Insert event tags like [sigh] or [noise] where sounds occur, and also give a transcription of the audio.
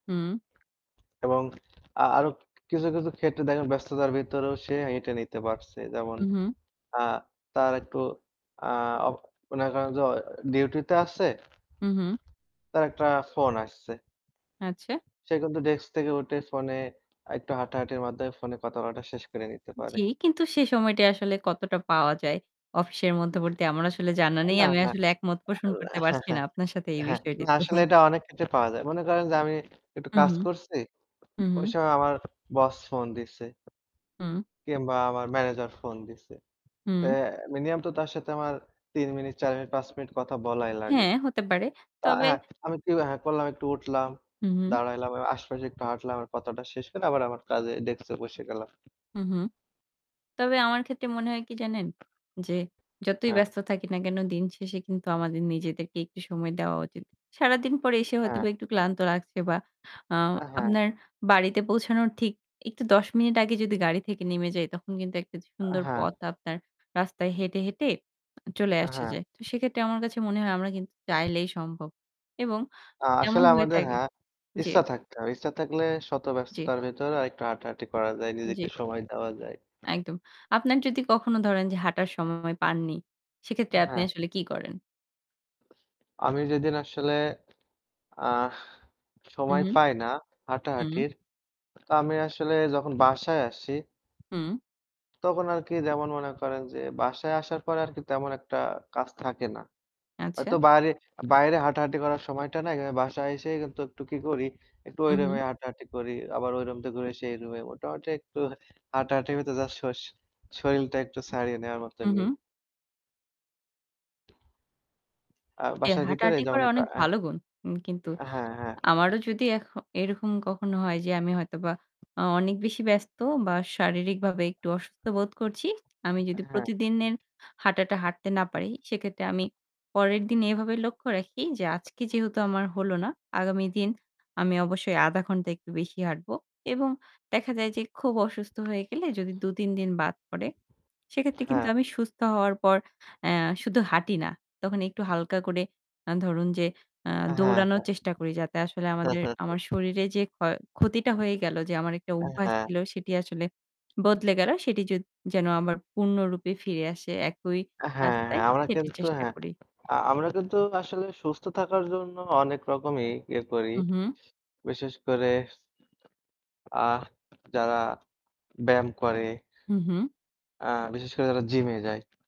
হুম। এবং আ আরো কিছু, কিছু ক্ষেত্রে দেখেন ব্যস্ততার ভিতরেও সে হেটে নিতে পারছে। যেমন উ হু। আ তার একটু আ অ মনে করেন যে ডিউটি তে আছে। হু, হু। তার একটা ফোন আসছে। আচ্ছা। সে কিন্তু ডেস্ক থেকে উঠে ফোনে আর একটু হাঁটাহাঁটির মাধ্যমে ফোনে কথা বলাটা শেষ করে নিতে জি, পারে। কিন্তু সে সময়টা আসলে কতটা পাওয়া যায়। অফিসের নাহ। মধ্যবর্তী আমার আসলে জানা আ নেই। না, আমি না। আসলে একমত আ পোষণ ও করতে হ্যাঁ, পারছি না, হ্যাঁ, আপনার সাথে এই হ্যাঁ। না বিষয়টিতে।। আসলে [chuckles] এটা অনেক ক্ষেত্রে পাওয়া যায়। মনে করেন যে আমি একটু কাজ উহু, করছি। হু, ঐ হু। সময় আমার বস ফোন দিছে। হুম। কিংবা আমার ম্যানেজার ফোন দিসে। তে হুম। মিনিমাম তো তার সাথে আমার ৩ মিনিট, ৪ মিনিট, ৫ মিনিট কথা বলাই লাগে। হ্যাঁ, হতে পারে। তো তবে অ্যাঁ আমি কি করলাম একটু উঠলাম, হু, হু। দাঁড়াইলাম। আশেপাশে একটু হাঁটলাম। কথাটা শেষ করে আবার আমার কাজে ডেস্ক এ বসে গেলাম। হু, হু। তবে আমার ক্ষেত্রে মনে হয় কি জানেন? যে যতই হ্যাঁ। ব্যস্ত থাকি না কেন দিন শেষে কিন্তু আমাদের নিজেদেরকে একটু সময় দেওয়া উচিত। সারাদিন পরে এসে হ্যাঁ। হয়তোবা একটু ক্লান্ত লাগছে বা আ আ হ্যাঁ। আপনার বাড়িতে পৌঁছানোর ঠিক একটু ১০ মিনিট আগে যদি গাড়ি থেকে নেমে যাই তখন কিন্তু একটা আ সুন্দর হ্যাঁ। পথ আপনার রাস্তায় হেঁটে, হেঁটে চলে আ আসা হ্যাঁ। যায়। তো সেক্ষেত্রে আমার কাছে মনে হয় আমরা কিন্তু চাইলেই সম্ভব এবং আ এমন আসলে হয়ে আমাদের থাকে হ্যাঁ, জি। ইচ্ছা থাকতে হবে। ইচ্ছা থাকলে শত জি। ব্যস্ততার ভেতর আর একটু হাঁটাহাঁটি করা যায়। নিজেকে জি। সময় দেওয়া যায়। একদম। আপনার যদি কখনো ধরেন যে হাঁটার সময় পাননি, সেক্ষেত্রে আ আপনি হ্যাঁ। আসলে কি করেন? আমি যেদিন আসলে আহ হু, সময় হু, পাই না হু। হাঁটাহাঁটির। তো আমি আসলে যখন বাসায় আসি হুম। তখন আরকি যেমন মনে করেন যে বাসায় আসার পরে আরকি তেমন একটা কাজ থাকে না। আচ্ছা। হয়তো বাইরে, বাইরে হাঁটাহাঁটি করার সময়টা নাই। আমি বাসায় এসে কিন্তু একটু কি করি একটু হু, ওই রুমে হু। হাঁটাহাঁটি করি। আবার রুম থেকে ঘুরে সেই রুমে মোটামুটি একটু হাঁটাহাঁটির মতো জাস্ট শর শরীলটা একটু ছাড়িয়ে নেওয়ার মতো উ নি। হু। আ জি, বাসার ভেতরে হাঁটাহাঁটি যেমন করা একটু অনেক অ্যা ভালো গুণ। উ কিন্তু হ্যাঁ, হ্যাঁ। আমারও যদি এখ এরকম কখনো হয় যে আমি হয়তোবা আ অনেক বেশি ব্যস্ত বা শারীরিকভাবে একটু অসুস্থ বোধ করছি। আমি যদি অ্যাঁ হ্যাঁ। প্রতিদিনের হাঁটাটা হাঁটতে না পারি। সেক্ষেত্রে আমি পরের দিন এভাবে লক্ষ্য রাখি যে, "আজকে যেহেতু আমার হলো না। আগামী দিন আমি অবশ্যই ০.৫ ঘণ্টা একটু বেশি হাঁটব।" এবং দেখা যায় যে খুব অসুস্থ হয়ে গেলে যদি ২, ৩ দিন বাদ পড়ে। সেক্ষেত্রে কিন্তু হ্যাঁ। আমি সুস্থ হওয়ার পর অ্যা শুধু হাঁটি না। তখন একটু হালকা করে আ ধরুন, যে আ অ্যাঁ হ্যাঁ, দৌড়ানোর চেষ্টা করি যাতে আসলে হ্যাঁ। আমাদের [chuckles] আমার শরীরে যে ক্ষতিটা হয়ে গেল। যে আমার একটা অ্যাঁ অভ্যাস হ্যাঁ। ছিল সেটি আসলে বদলে গেল। সেটি যদ যেন আমার পূর্ণরূপে ফিরে আসে একই অ্যা হ্যাঁ, রাস্তায় হ্যাঁ আমরা সেটি কিন্তু চেষ্টা হ্যাঁ। করি। আ আমরা কিন্তু আসলে সুস্থ থাকার জন্য অনেক রকমই ইয়ে করি। উ হু। বিশেষ করে আ যারা ব্যায়াম করে। হু, হু। আ বিশেষ করে যারা জিমে যায়।